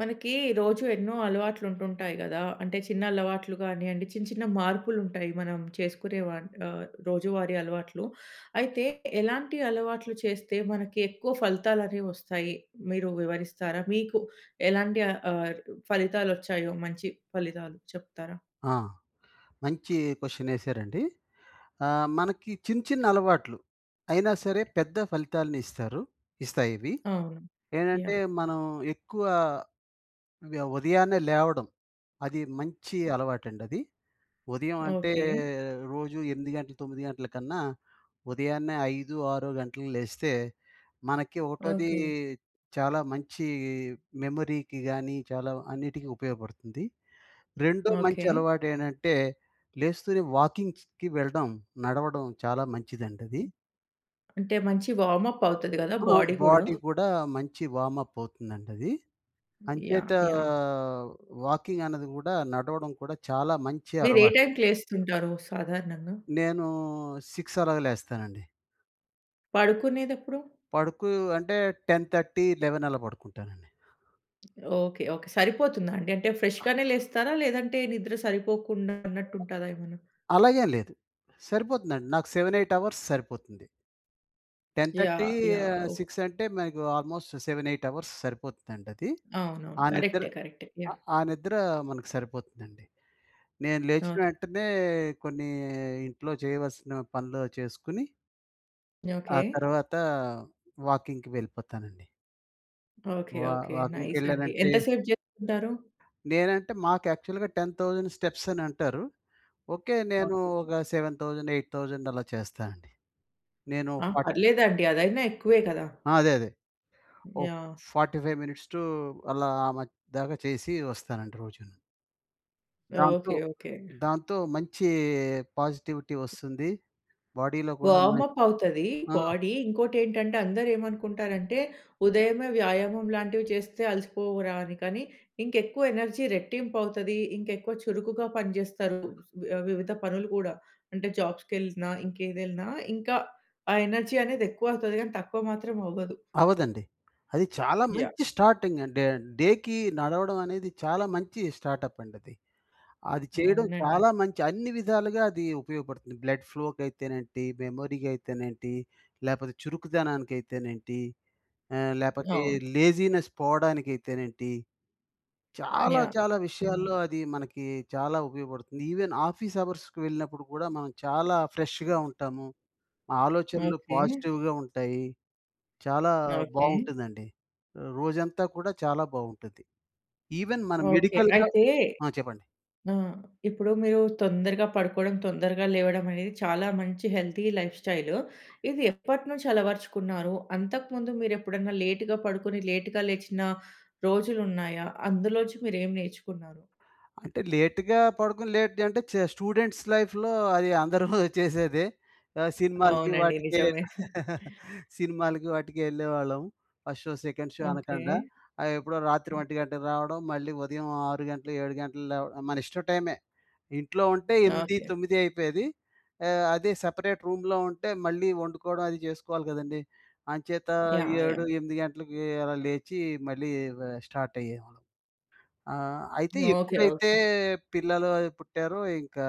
మనకి, రోజు ఎన్నో అలవాట్లు ఉంటుంటాయి కదా! అంటే, చిన్న అలవాట్లు కానీయండి, చిన్న, చిన్న మార్పులు ఉంటాయి. మనం చేసుకునేవాట్ ఆహ్, రోజువారీ అలవాట్లు. అయితే, ఎలాంటి అలవాట్లు చేస్తే, మనకి ఎక్కువ ఫలితాలు అనేవి వస్తాయి, మీరు వివరిస్తారా? మీకు ఎలాంటి ఆహ్, ఫలితాలు వచ్చాయో, మంచి ఫలితాలు చెప్తారా? ఆ! మంచి క్వశ్చన్ ఏసారండి. ఆహ్, మనకి చిన్న, చిన్న అలవాట్లు, అయినా సరే! పెద్ద ఫలితాలను ఇస్తారు ఇస్తాయి ఇవి. అవును. యాహ్! ఏంటంటే, మనం ఎక్కువ, వ్య ఉదయాన్నే లేవడం. అది మంచి అలవాటండది. ఉదయం అంటే, ఓకే. రోజు 8:00 గంటలు 9:00 గంటల కన్నా, ఉదయాన్నే 5, 6 గంటలకు లేస్తే, మనకి ఒకటోది, ఓకే. చాలా మంచి, మెమరీకి గానీ, చాలా అన్నిటికి ఉపయోగపడుతుంది. రెండో మంచి ఓకే. అలవాటు ఏంటంటే, లేస్తూనే వాకింగ్స్‌‌కి వెళ్ళడం, నడవడం, చాలా మంచిదండి అది. హ్మ్. అంటే, మంచి వార్మ్ అప్ అవుతది కదా! ఆ! బాడీ గూడా. బాడీ కూడా, మంచి వార్మ్అప్ అవుతుందండి అది. యాహ్! అంచేతా యాహ్! వాకింగ్ అన్నది కూడా, నడవడం కూడా, చాలా మంచి మీరు ఏ అలవాటు. టైంకి లేస్తుంటారు సాధారణంగా? నేను, 6 అలాగ లేస్తానండి. పడుకునేదెప్పుడు? పడుకూ అంటే? 10:30, 11 అలా పడుకుంటానండి. ఓకే. ఓకే. సరిపోతుందా అండి? అంటే ఫ్రెష్‌గనే లేస్తారా? లేదంటే నిద్ర సరిపోకుండా అన్నట్టుంటదా ఏమన్నా? అలాగేంలేదు. సరిపోతుందండి నాకు 7, 8 అవర్స్ సరిపోతుంది. 10:30 యాహ్! యాహ్! ఆహ్, ఓహ్! 6 అంటే మనకు ఆల్మోస్ట్ 7, 8 అవర్స్ సరిపోతుందండది. అవునవును. ఆ నిద్ర కరెక్టే. కరెక్టే. యాహ్! ఆహ్, ఆ నిద్ర మనకి సరిపోతుందండి. నేను లేచిన ఓకే. వెంటనే కొన్ని ఇంట్లో చేయవలసిన పనులు చేసుకొని ఆ ఓకే. తర్వాత వాకింగ్‌కి వెళ్ళిపోతానండి. ఓకే. వా ఓకే. నైస్ అండి. వాకింగ్‌కెళ్ళానంటే ఎంత సేపు జేసుకుంటారు? నేనంటే మాకు యాక్చువల్గా 10,000 స్టెప్స్ అనంటారు. ఓకే, నేను ఓకే. ఒక 7,000, 8,000 అలా చేస్తా అండి. నేను ఆ! ఫాట్ పర్లేదండీ. అదైనా ఎక్కువే కదా! ఆ! అదే అదే. ఓ యాహ్! 45 టూ అలా ఆ మద్యదాక చేసి వస్తానండి రోజును. దాంతో ఓకే. ఓకే. దాంతో మంచీ పాజిటివిటీ ఒస్తుంది. బాడీలో కూడా మె వార్మ్ అప్ అవుతదీ ఆ! బాడీ. ఇంకోటేంటంటే అందరూ ఏమనుకుంటారంటే, ఉదయమే వ్యాయామం లాంటివి చేస్తే అలసిపోవురా అని? కాని ఇంకెక్కువ ఎనర్జీ రెట్టింపు అవుతది. ఇంక ఎక్కువ చురుకుగా పనిజేస్తారు ఆహ్, వివిధ పనులు కూడా, అంటే జాబ్స్‌కెళ్ళినా, ఇంకేదెళ్ళినా ఇంకా ఆ ఎనర్జీ అనేది ఎక్కువవుతది. కానీ, తక్కువ మాత్రం అవ్వదు. అవ్వదండి. అది చాలా యాహ్! మంచి స్టార్టింగ్ అంటే డేకి నడవడం అనేది, చాలా మంచి స్టార్టప్ అండది. అది చేయడం అవునండి. చాలా మంచి, అన్ని విధాలుగా అది ఉపయోగపడుతుంది. బ్లడ్ ఫ్లో కయితేనేంటి మెమరీ కయితేనేంటి లేపోతే, చురుకుదనాకైతేనేంటి ఆహ్, లేపోతే, అవును. లేజీనెస్ పోవడానికైతేనేంటి, చాలా, యాహ్! చాలా హ్మ్. విషయాల్లో అది మనకి చాలా ఉపయోగపడుతుంది. ఇవెన్ ఆఫీస్ అవర్స్‌కి వెళ్ళినప్పుడు కూడా, మనం చాలా ఫ్రెష్‌గ ఉంటాము. ఆలోచనలు ఓకే. పాజిటివ్‌గ ఉంటాయి. చాలా ఓకే. బావుంటుందండి. రోజంతా కూడా చాలా బావుంటది. ఇవెన్ మన ఓకే. మెడికల్‌గ అయితే ఆ! చెప్పండి. ఆ! ఇప్పుడు మీరు తొందరగా పడుకోడం, తొందరగా లేవడం, అనేది చాలా మంచి హెల్తీ లైఫ్ స్టైలు. ఇది ఎప్పటినుంచి అలవర్చుకున్నారు? అంతకు ముందు మీరెప్పుడన్నా లేట్‌గ పడుకొని, లేట్‌గ లేచిన రోజులున్నాయా? అందులోంచి మీరేమి నేర్చుకున్నారు? అంటే లేటుగా పడుకొని లేట్ అంటే చ స్టూడెంట్స్ లైఫ్‌లో అది అందరూ చేసేదే. ఆహ్, సినిమాలకి అవునండి. వాటికి నిజమే. సినిమాలకి వాటికి ఎళ్ళేవాళ్ళం. ఫస్ట్ షో ,సెకండ్ షో అనకండా. ఓకే. అయ్యేప్పుడో రాత్రి ఒంటి గంటకి రావడం మళ్ళీ ఉదయం 6 గంటలు 7 గంటలకి లేవ ఆహ్, మన ఇష్ట టైమే. ఇంట్లో ఉంటే ఎంది, ఓకే. తొమ్మిది అయిపోయేది. ఆహ్, అదే సపరేట్ రూమ్‌లో ఉంటే మళ్ళీ వండుకోడం, అదీ జేసుకోవాలి గదండీ. అంచేత యాహ్! ఏడు యాహ్! ఎంది గంటలకీ అలా లేచి మళ్ళీ ఇవ స్టార్ట్ అయ్యేవాళ్ళం. ఆ! అయితే ఓకే. ఎప్పుడైతే ఓకే. పిల్లలు అయి పుట్టారో ఇంకా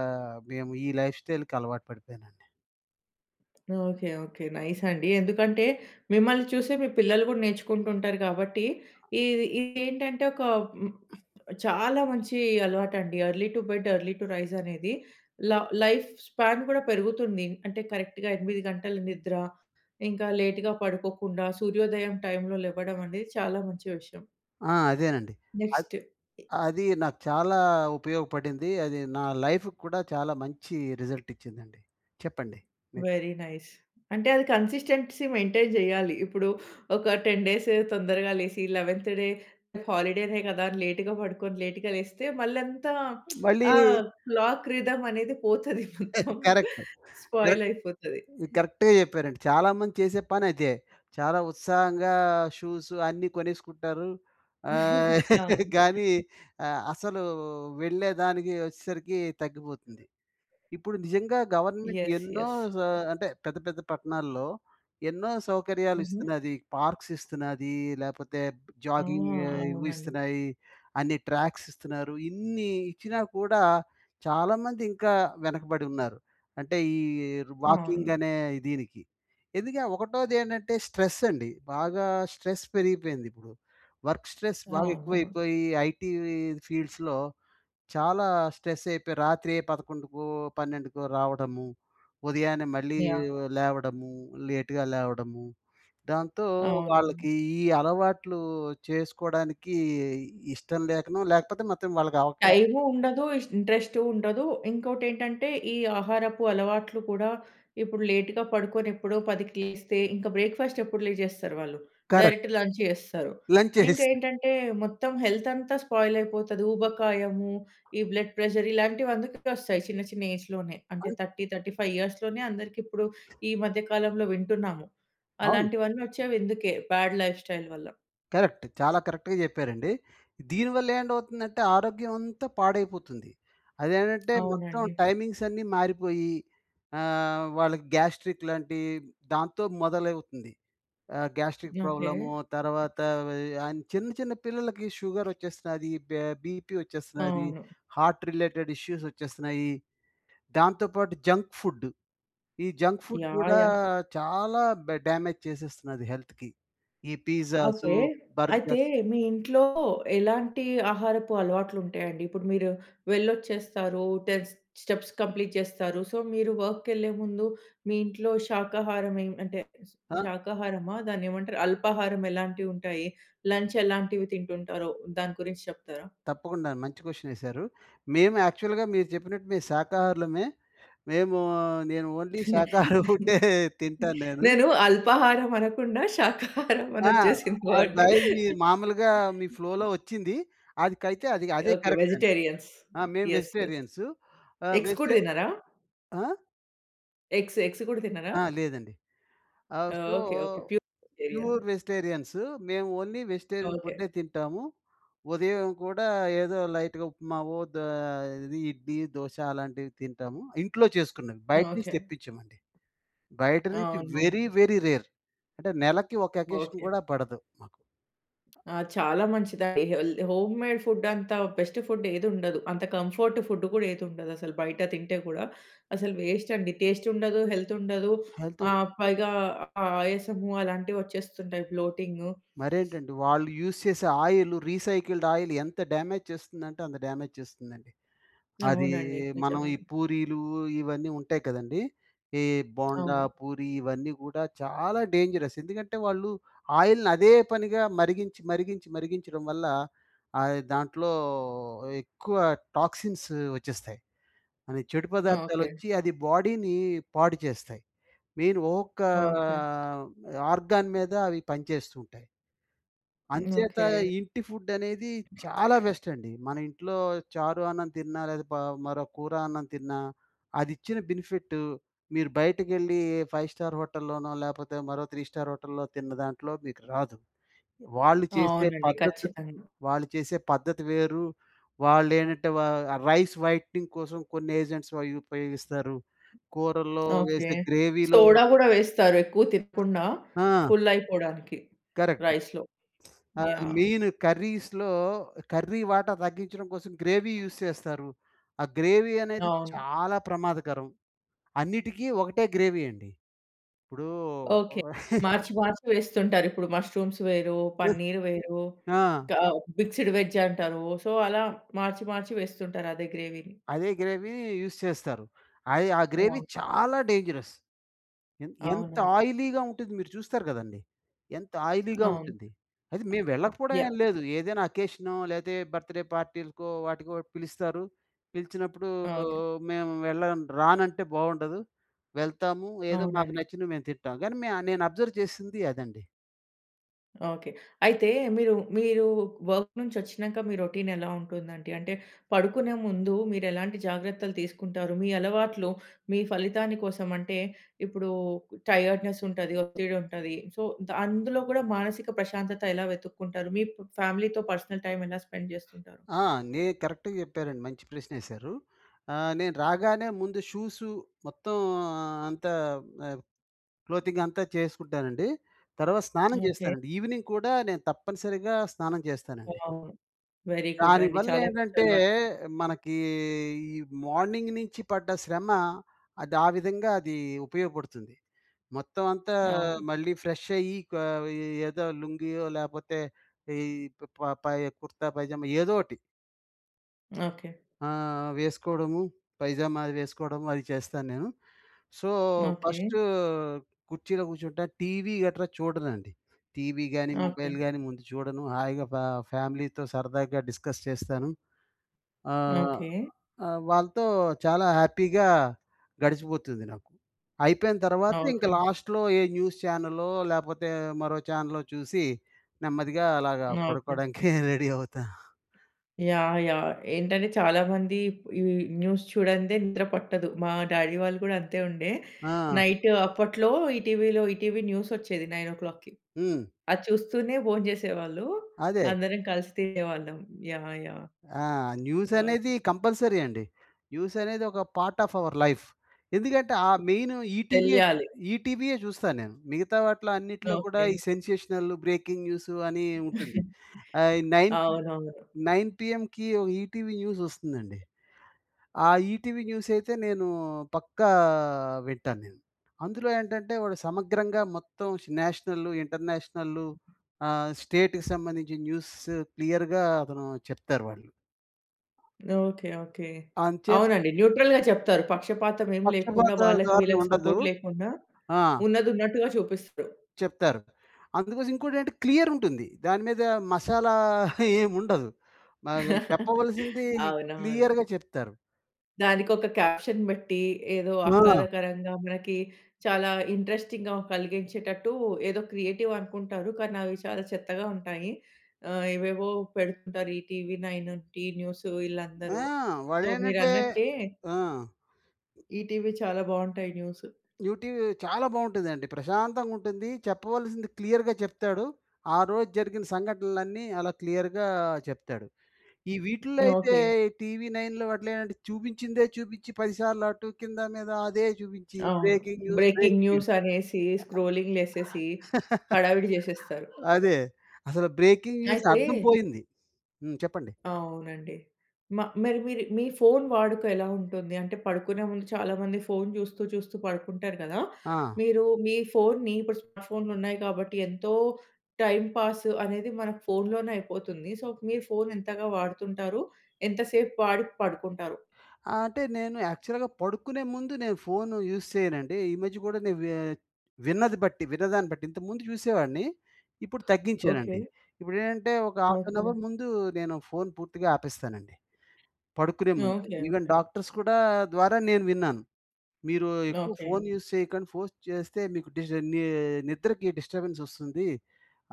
మేము ఈ లైఫ్ స్టైల్‌కి అలవాటు పడిపోయానండి. ఓకే. ఓకే. నైస్ అండి. ఎందుకంటే, మిమ్మల్ని చూసే మీ పిల్లలు కూడా నేర్చుకుంటూ ఉంటారు. కాబట్టి ఇది ఇది ఏంటంటే, ఒక చాలా మంచి అలవాటండి. Early to bed, early to rise అనేది ల లైఫ్ స్పాన్ కూడా పెరుగుతుంది. అంటే కరెక్ట్‌గా 8:00 గంటల నిద్ర. ఇంకా లేట్‌గా పడుకోకుండా సూర్యోదయం టైమ్‌లో లేవడం అనేది చాలా మంచి విషయం. ఆ! అదేనండి. అద్ నెక్స్ట్. అది నాకు చాలా ఉపయోగపడింది. అది నా లైఫ్‌కి కూడా చాలా మంచి రిజల్ట్ ఇచ్చిందండి. చెప్పండి. Very nice. అంటే, అది కన్సిస్టెన్సీ మెయింటైన్ చేయాలి. ఇప్పుడు ఒక 10 డేస్ తొందరగా లేసి, 11త్ డే హాలిడేనే కదా! లేట్‌గా పడుకొని లేట్‌గా లేస్తే, మళ్ళీ అంతా మళ్ళీ ఆ క్లాక్ రిథమ్ అనేది పోతది మొత్తం. కరెక్ట్. Spoil correct. అయిపోతది. కరెక్ట్‌గా చెప్పారండి. చాలామంది చేసే పని అదే. చాలా ఉత్సాహంగా షూసు అన్నీ కొనేసుకుంటారు. ఆహ్, అవును. కానీ ఆహ్, అసలు వెళ్ళేదానికి, వచ్చేసరికి తగ్గిపోతుంది. ఇప్పుడు నిజంగా గవర్నమెంట్ యస్. ఎన్నో యస్. అంటే పెద్ద, పెద్ద పట్టణాల్లో ఎన్నో సౌకర్యాలు హుహు. ఇస్తున్నది. పార్క్స్ ఇస్తున్నది. లేపోతే ఆ! జాగింగ్ ఇవి అవునండి. ఇస్తున్నాయి. అన్ని ట్రాక్స్ ఇస్తున్నారు. ఇన్ని ఇచ్చినా కూడా చాలామంది ఇంకా వెనకబడి ఉన్నారు. అంటే ఈ వాకింగ్ అవును. అనే దీనికి. ఎందుక ఒకటోది ఏంటంటే, స్ట్రెస్ అండి. బాగా స్ట్రెస్ పెరిగిపోయింది ఇప్పుడు. వర్క్ స్ట్రెస్ బాగా అవును. ఎక్కువైపోయి ఐటీ ఫీల్డ్స్‌లో చాలా స్ట్రెస్ అయిపోయి, రాత్రి 11:00కో, 12:00కో రావడము. ఉదయాన్నే మళ్ళీ యాహ్! లేవడము. లేట్‌గా లేవడము. దాంతో అవును. వాళ్ళకి, ఈ అలవాట్లు చేసుకోవడానికి ఇష్టం లేకనో లేకపోతే మాత్రం వాళ్ళకి అవకా టైము ఉండదు. ఇంట్రెస్ట్ ఉండదు. ఇంకోటి ఏంటంటే, ఈ ఆహారపు అలవాట్లు కూడా ఇప్పుడు లేట్‌గా పడుకొని ఎప్పుడో 10కి లేస్తే, ఇంక బ్రేక్‌ఫాస్ట్ ఎప్పుడు లేచేస్తారు వాళ్ళు. కరెక్ట్. డైరెక్ట్ లంచ్ చేస్తారు. లంచ్ ఇంకా చేసేసి ఏంటంటే, మొత్తం హెల్త్ అంతా స్పాయిల్ అయిపోతది. ఊబకాయము, ఈ బ్లడ్ ప్రెషర్ ఇలాంటివి అందుకే వస్తాయి. చిన్న, చిన్న ఏజ్‌లోనే. అంటే 30, 35 ఇయర్స్‌లోనే అందరికీ ఇప్పుడు ఈ మధ్య కాలంలో వింటున్నాము. అవును. అలాంటివన్నీ వచ్చేవి ఇందుకే బ్యాడ్ లైఫ్‌స్టైల్ వల్ల. కరెక్ట్. చాలా కరెక్ట్‌గా చెప్పారండి. దీనివల్ల ఏంటవుతుందంటే, ఆరోగ్యం అంతా పాడైపోతుంది. అదేంటంటే మొత్తం అవునండి. టైమింగ్స్ అన్నీ మారిపోయి ఆహ్, వాళ్ళకి గ్యాస్ట్రిక్ లాంటి దాంతో మొదలవుతుంది. ఆహ్, గ్యాస్ట్రిక్ ఓకే. ప్రాబ్లము తర్వాత ఆహ్, వి చిన్న, చిన్న పిల్లలకి షుగరోచ్చేస్తది, బే బీపీ వచ్చేస్తన్నది, అవును. హార్ట్ రిలేటెడ్ ఇష్యూస్ వచ్చేస్తున్నాయి. దాంతో పాటు జంక్ ఫుడ్. ఈ జంక్ ఫుడ్ యాహ్! కూడా యాహ్! చాలా బ డామేజ్ చేసేస్తున్నది హెల్త్‌కి. ఈ పిజ్జాసు, ఓకే. బర్గర్స్ అయితే, మీ ఇంట్లో ఎలాంటి ఆహారపు అలవాట్లు ఉంటాయండి? ఇప్పుడు మీరు వెళ్ళొచ్చేస్తారు. 10 స్టెప్స్ కంప్లీట్ చేస్తారు. సో, మీరు వర్క్‌కి వెళ్ళే ముందు, మీ ఇంట్లో శాకాహారం మెం అంటే, అ శాకాహారమా? దాన్ని ఏమంటారు? అల్పాహారం ఎలాంటివి ఉంటాయి? లంచ్ ఎలాంటివి తింటుంటారో, దాని గురించి చెప్తారా? తప్పకుండా. మంచి క్వెషనేసారు. మేము యాక్చువల్‌గా మీరు చెప్పినట్టు మేము శాకాహారులమే. మేము నేను ఓన్లీ శాకాహారం ఫుడ్డే తింటాను నేను. నేను అల్పాహారం అనకుండా, శాకాహారం అని ఆ! వచ్చేసింది ఆ అండి. టైమ్‌కి మాములుగా మీ ఫ్లోలో వచ్చింది. అదికైతే, అది అదే ఓకే. కరెక్ట్ అండి. వెజిటేరియన్స్. మేము యెస్, యెస్. వెజిటేరియన్సు. ఆహ్, ఎగ్స్ కూడా వెజిటే తినరా? ఆ! ఎగ్స్, ఎగ్స్ కూడా తినరా? ఆ! లేదండి. ఆహ్, ఆ! So, okay, okay. Pure vegetarian. Pure vegetarians మేము ఓన్లీ వెజిటేరియన్ ఓకె. ఫుడ్డే తింటాము. ఉదయం కూడా ఏదో లైట్‌‌గా ఉప్మావో, ద ఇది ఇడ్లీ, దోస అలాంటివి తింటాము. ఇంట్లో చేసుకున్నది, బయట నుంచి ఓకె. తెప్పించమండి. బయట నుంచి వెరీ, అవునవును. Very rare. అంటే, నెలకి ఒక అకేషన్ ఓకె. కూడా పడదు మాకు. ఆ! చాలా మంచిదండి. హెల్ హోమ్ మేడ్ ఫుడ్ అంత బెస్ట్ ఫుడ్ ఏదుండదు. అంత కంఫర్ట్ ఫుడ్ కూడా ఏదుండదు, అసలు బయట తింటే కూడా. అసలు వేస్ట్ అండి, టేస్ట్ ఉండదు, హెల్త్ ఉండదు. హెల్తు ఆహ్, పైగా ఆహ్, ఆయాసము అలాంటివి వచ్చేస్తుంటాయి, బ్లొటింగు మరేంటండి, వాళ్ళు యూజ్ చేసే ఆయిల్, రీసైకిల్డ్ ఆయిల్ ఎంత డ్యామేజ్ చేస్తుందంటే, అంత డ్యామేజ్ చేస్తుందండి. అది అవునండి మనం నిజం. ఈ పూరీలు ఇవన్నీ ఉంటాయి కదండీ! ఈ బొండా, అవును. పూరి ఇవన్నీ కూడా చాలా డేంజరస్. ఎందుకంటే వాళ్ళు ఆయిల్‌ని అదే పనిగా మరిగించి, మరిగించి, మరిగించడం వల్ల ఆహ్, అది దాంట్లో ఎక్కువ టాక్సిన్స్ వచ్చేస్తాయి. అవి చెడు పదార్థాలు ఓకె. వచ్చి, అది బాడీని పాడుచేస్తాయి. మెయిన్ ఒక్కొక్క ఓకె. ఆహ్, ఆర్గాన్ మీద అవి పనిచేస్తూ ఉంటాయి. అంచేత, ఓకె. ఇంటి ఫుడ్ అనేది చాలా బెస్ట్ అండి. మన ఇంట్లో చారు అన్నం తిన్నా లేదా, ప మరో కూర అన్నం తిన్నా, అది ఇచ్చిన బెనిఫిట్, మీరు బయటకెళ్ళి ఏ ఫైవ్-స్టార్ హోటల్‌లోనో లేకపోతే, మరో త్రీ స్టార్ హోటల్‌లో తిన్న దాంట్లో మీకు రాదు. వాళ్ళు చేసే అవునండి. పద్ధతి త్ ఖచ్చితంగా! వాళ్ళు చేసే పద్ధతి వేరు. వాళ్ళు ఏంటంటే, వ రైస్ వైటనింగ్ కోసం కొన్ని ఏజెంట్స్ అవి ఉపయోగిస్తారు. కూరల్లో ఓకె. వేసే గ్రేవీలో సోడా కూడా వేస్తారు, ఎక్కువ తినకుండా. ఆ! ఫుల్ అయిపోవడానికి కరెక్ట్. రైస్‌లో. ఆహ్, యాహ్! మెయిన్ కర్రీస్‌లో, కర్రీ వాటా తగ్గించడం కోసం, గ్రేవీ యూజ్ చేస్తారు. ఆ గ్రేవీ అనేది అవును. చాలా ప్రమాదకరం అన్నిటికి ఒకటే గ్రేవీ అండి. ఇప్పుడు ఓకే. ఒక్ మార్చి, మార్చి వేస్తుంటారు. ఇప్పుడు మష్రూమ్స్ వేరు, పన్నీర్ వేరు, ఇంక ఆ! గా మిక్స్డ్ వెజ్ అంటారు. సో, అలా మార్చి, మార్చి వేస్తుంటారు, అదే గ్రేవీని. అదే గ్రేవీ, యూజ్ చేస్తారు. అయ్ ఆ గ్రేవీ ఆ! చాలా డేంజరస్. ఎన్ ఎంత అవునండి. ఆయిలీగా ఉంటది మీరు చూస్తారు కదండీ! ఎంత ఆయిలీగా అవును. ఉంటుంది. అది మేము వెళ్ళకపోవడం ఏమి యాహ్! లేదు. ఏదైనా అకేషనో, లేకపోతే ఏ బర్త్ డే పార్టీలకో వాటికో పిలుస్తారు. పిలిచినప్పుడు, ఓకె. మేము వెళ్ళం రానంటే బాగుండదు. వెళ్తాము, ఏదో మాకు అవునండి. నచ్చినవి మేము తింటాం. కానీ మే నేను అబ్జర్వ్ చేసింది అదండి. ఓకె. అయితే మీరు, మీరు వర్క్ నుంచి వచ్చినాక, మీ రొటీన్ ఎలా ఉంటుంది? అంటే, పడుకునే ముందు, మీరు ఎలాంటి జాగ్రత్తలు తీసుకుంటారు? మీ అలవాట్లు, మీ ఫలితాన్ని కోసం అంటే, ఇప్పుడు టైర్డ్‌నెస్ ఉంటది, ఒత్తిడి ఉంటది. సో, ద అందులో కూడా, మానసిక ప్రశాంతత ఎలా వెతుక్కుంటారు? మీ ప ఫ్యామిలీతో పర్సనల్ టైమ్ ఎలా స్పెండ్ చేస్తుంటారు? ఆ! నే కరెక్ట్‌గా చెప్పారండి. మంచి ప్రశ్న వేశారు. ఆహ్, నేను రాగానే ముందు షూస్సు, మొత్తం అంతా ఆహ్, క్లోతింగ్ అంతా చేసుకుంటానండి. తర్వాత స్నానం ఓకె. చేస్తానండి. ఈవెనింగ్ కూడా, నేను తప్పనిసరిగా స్నానం చేస్తానండి. వావ్! వెరీ గుడ్ అండి. దానివల్ల చాలా మంచి ఏంటంటే, అలవాటు. మనకీ ఈ మార్నింగ్ నుంచి పడ్డ శ్రమ అది ఆ విధంగా అది ఉపయోగపడుతుంది. మొత్తం అంతా అవును. మళ్ళీ ఫ్రెష్‌ అయ్యి క ఏదో లుంగీయో, లేకపోతే ఈ ప ప పై కుర్తా పైజామా ఏదో ఒకటి. ఓకె. ఆ! వేసుకోవడము. పైజామా అది వేసుకోవడము, అది చేస్తాను నేను. So, okay. ఫస్ట్ కుర్చీలో కూర్చుంటాను, టీవీ గట్రా చూడనండి. టీవీ గాని, ఓకె. మొబైల్ గాని ముందు చూడను. హాయిగా ఫ ఫ్యామిలీతో సరదాగా డిస్కస్ చేస్తాను. ఆహ్, ఓకె. వాళ్ళతో, చాలా హ్యాపీగా గడిచిపోతుంది నాకు. అయిపోయిన తర్వాత, ఇంక ఓకె. లాస్ట్‌లో ఏ న్యూస్ ఛానలో, లేకపోతే, మరో ఛానెలో చూసి, నెమ్మదిగా అలాగా ఓకె. పడుకోవడానికి, రెడీ అవుతాను. యాహ్! యాహ్! ఏంటంటే, చాలా మంది ఇప్ ఈ న్యూస్ చూడనిదే, నిద్ర పట్టదు. మా డ్యాడీ వాళ్ళు కూడా అంతే ఉండే. ఆ! నైట్ అప్పట్లో, ఈ టీవీలో, ఈటీవీ న్యూస్ వచ్చేది 9:00కి హ్మ్. అది చూస్తూనే భోంచేసేవాళ్ళు. అదే. అందరం కలిసి తినేవాళ్ళం. యాహ్! యాహ్! ఆహ్, న్యూస్ అనేది ఓకె. కంపల్సరీ అండి. న్యూస్ అనేది ఒక పార్ట్ ఆఫ్ అవర్ లైఫ్. ఎందుకంటే, ఆ మెయిన్ ఈటీవీయే తెలియాలి. ఈటీవీయే చూస్తాను నేను. మిగతా వాటిలో అన్నిటిలో కూడా, ఓకె. ఈ సెన్సేషనల్, బ్రేకింగ్ న్యూసు, అని ఉంటుంది.ఆహ్, ఈ నైన్ పి అవునవును. నైన్ పీఎంకి ఈటీవీ న్యూస్ వస్తుందండి. ఆ ఈటీవీ న్యూస్ అయితే, నేను పక్కా వింటాను నేను. అందులో ఏంటంటే, వాడు సమగ్రంగా మొత్తం నేషనల్లు, ఇంటర్నేషనల్లు, ఆహ్, స్టేట్‌కి సంబంధించిన న్యూసు క్లియర్‌గా అతను చెప్తారు వాళ్ళు. Okay, okay. అంచే అవునండి. న్యూట్రల్‌గా చెప్తారు. పక్షపాతం ఏమి లేకుండా, పక్షపాత వాళ్ళకి ధారణ వీళ్ళకి ఉండదు. సపోర్ట్ లేకుండా, ఆ! ఉన్నది ఉన్నట్టుగా చూపిస్తారు. చెప్తారు. అందుకోసం ఇంకోటి ఏంటి, క్లియర్ ఉంటుంది. దాని మీద మసాలా, ఏమి ఉండదు. ఆహ్, చెప్పవలసింది అవునవును. క్లియర్‌గా చెప్తారు. దానికి ఒక క్యాప్షన్ పెట్టి ఏదో ఆ! ఆహ్లాదకరంగా మనకి చాలా ఇంట్రెస్టింగ్‌గా కలిగించేటట్టు, ఏదో క్రియేటివ్ అనుకుంటారు, కానీ అవి చాలా చెత్తగా ఉంటాయి. ఆహ్, ఏవేవో పెడుతుంటారు ఈ 'టీవీ నైన్' 'టి న్యూస్' ఆ! వీళ్ళందరూ. వాడు ఏంటంటే మీరన్నట్టే. ఆ! 'ఈటీవీ' చాలా బాగుంటాయి న్యూస్ 'ఈటివీ' చాలా బాగుంటుందండి. ప్రశాంతంగా ఉంటుంది. చెప్పవలసింది క్లియర్‌గా చెప్తాడు. ఆ రోజు జరిగిన సంఘటనలన్నీ అలా క్లియర్‌గా చెప్తాడు. ఈ వీటిల్లో అయితే ఓకె. 'టీవీ నైన్‌‌‌‌లో' అట్ల చూపించిందే చూపించి, 10 సార్లు అటు కింద, మీద అదే చూపించి అవును. Breaking news, breaking breaking news. News అనేసి, స్క్రోలింగులెసేసి, హడావిడి చేసేస్తారు. అదే, అసలు బ్రేకింగ్ న్యూస్ అయితే. అర్థం పోయింది. హ్మ్, చెప్పండి. అవునండి మా మరి మీరు మీ ఫోన్ వాడుక ఎలా ఉంటుంది? అంటే పడుకునే ముందు చాలామంది ఫోన్ చూస్తూ చూస్తూ పడుకుంటారు కదా, ఆ! మీరు మీ ఫోన్ని ఇప్పుడు స్మార్ట్ ఫోన్‌లు ఉన్నాయి కాబట్టి, ఎంతో టైమ్ పాస్ అనేది మనకు ఫోన్‌లోనే అయిపోతుంది. సో, మీరు ఫోన్ ఎంతగా వాడుతుంటారు? ఎంతసేపు వాడి పడుకుంటారు? అంటే నేను యాక్చువల్‌గా పడుకునే ముందు నేను ఫోన్ యూజ్ చేయనండి. ఈ మధ్య కూడా నేను విన్నది బట్టి, విన్నదాన్ని బట్టి, ఇంతకుముందు చూసేవాడిని, ఇప్పుడు ఓకె. తగ్గించానండి. ఇప్పుడేంటంటే ఒక హాఫ్ ఏన్ ఓకె. అవర్ ముందు నేను ఫోన్ పూర్తిగా ఆపేస్తానండి. పడుకునే ముందు. Okay, even okay. డాక్టర్స్ కూడా ద్వారా నేను విన్నాను, మీరు ఎక్కువ ఓకె ఫోన్ యూజ్ చేయకండి. ఫోర్స్ చేస్తే మీకు డిస్ట నిద్రకి డిస్ట్ర్బెన్స్ వస్తుంది.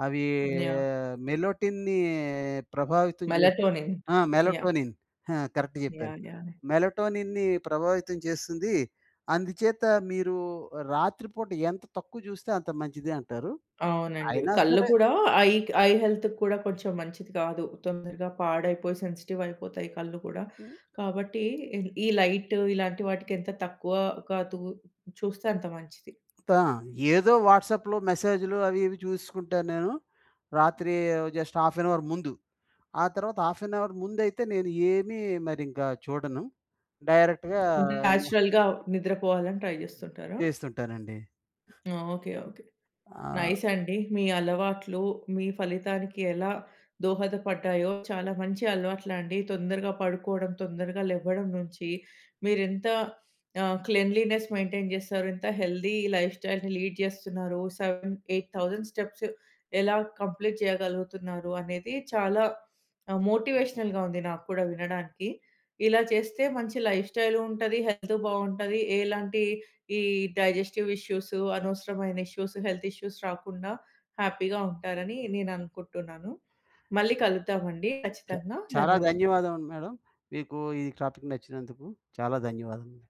అవి యాహ్! మెలొటిన్‌ని ప్రభావితం చేస్తుంది. మెలటొనిన్. ఆ! మెలటొనిన్ ఆ! కరెక్ట్ చెప్పేరు, యాహ్! యాహ్! మెలటొనిన్‌ని ప్రభావితం చేస్తుంది. అందుచేత మీరు రాత్రిపూట ఎంత తక్కువ చూస్తే, అంత మంచిది అంటారు. అవునండి. అయినా కళ్ళు సరే. కూడా ఐ ఐ హెల్త్‌కి కూడా కొంచెం మంచిది కాదు. తొందరగా పాడైపోయి సెన్సిటివ్ అయిపోతాయి కళ్ళు కూడా. కాబట్టి ఈ లైట్ ఇలాంటి వాటికి ఎంత తక్కువ కాదు చూస్తే అంత మంచిది. ఆ! ఏదో వాట్సాప్‌లో మెసేజ్‌లు అవి ఇవి చూసుకుంటాను నేను. రాత్రి జస్ట్ హాఫ్ ఏన్ అవర్ ముందు. ఆ తర్వాత హాఫ్ ఏన్ అవర్ ముందైతే నేను ఏమి మరి ఇంకా చూడను. డైరెక్ట్‌గా నేచురల్‌గా నిద్రపోవాలని ట్రై చేస్తుంటారా? చేస్తుంటానండి. ఆ! Okay, okay. ఆ! నైస్ అండి. మీ అలవాట్లు, మీ ఫలితానికి ఎలా దోహదపడ్డాయో, చాలా మంచి అలవాట్లండి. తొందరగా పడుకోవడం, తొందరగా లెవ్వడం నుంచి మీరు ఎంత క్లెన్లీనెస్ మెయింటైన్ చేస్తారంటే, హెల్తీ లైఫ్ స్టైల్‌ని లీడ్ చేస్తున్నారో 7000, 8000 స్టెప్స్ ఎలా కంప్లీట్ చేయగలుగుతున్నారు అనేది చాలా మోటివేషనల్‌గా ఉంది నాక్కూడా వినడానికి. ఇలా చేస్తే మంచి లైఫ్ స్టైలు ఉంటది, హెల్త్ బాగుంటది. ఎలాంటి ఈ డైజెస్టివ్ ఇష్యూస్, అనవసరమైన ఇష్యూస్, హెల్త్ ఇష్యూస్ రాకుండా హ్యాపీగా ఉంటారని నేను అనుకుంటున్నాను. మళ్ళీ కలుద్దామండి చా ఖచ్చితంగా. చాలా ధన్యవాదాలు. ధన్యవాదాలు మేడమ్. మీకు ఈ టాపిక్ నచ్చినందుకు. చాలా ధన్యవాదాలు.